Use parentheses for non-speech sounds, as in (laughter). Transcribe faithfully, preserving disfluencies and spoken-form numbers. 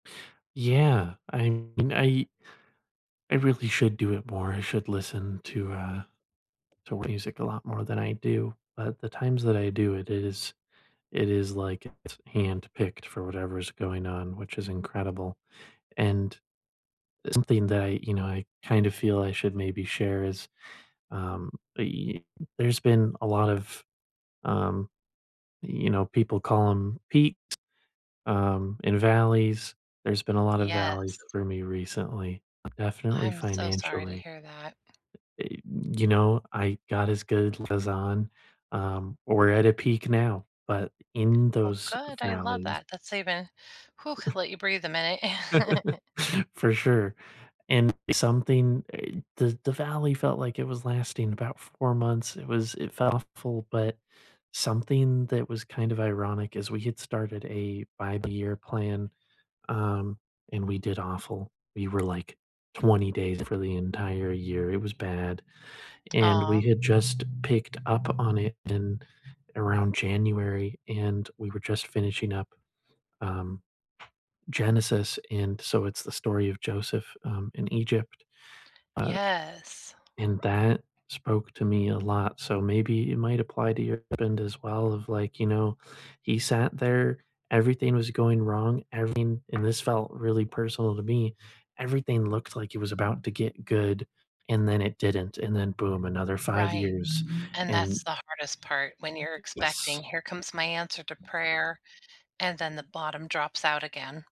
Yeah, I mean, I I really should do it more. I should listen to, uh, to music a lot more than I do, but the times that I do it is it is, like it's handpicked for whatever is going on, which is incredible, and something that I you know, I kinda feel I should maybe share is um, eh, there's been a lot of, um, you know, people call 'em peaks, um, and valleys, there's been a lot of valleys Yes. for me recently, definitely I'm so sorry to financially. hear that. Eh, you know, I God is good 'cause on um, we're at a peak now, but in Oh, those good, I love valleys that. That's even Whew, let you breathe a minute. (chuckles) (chuckles) For sure, and something uh, the the valley felt like it was lasting about four months, it was it felt awful, but something that was kind of ironic is we get started a five-year plan, um, and we did awful. We were, like, twenty days for the entire year. It was bad, and Aw. we had just picked up on it in around January, and we were just finishing up, um, Genesis, and so it's the story of Joseph, um, in Egypt, uh, Yes. and that spoke to me a lot, so maybe it might apply to your husband as well of, like, you know, he sat there, everything was going wrong, everything and this felt really personal to me, everything looked like it was about to get good, and then it didn't, and then boom, another five Right, years, and and that's the hardest part when you're Y expecting, yes. "Here comes my answer to prayer," and then the bottom drops out again.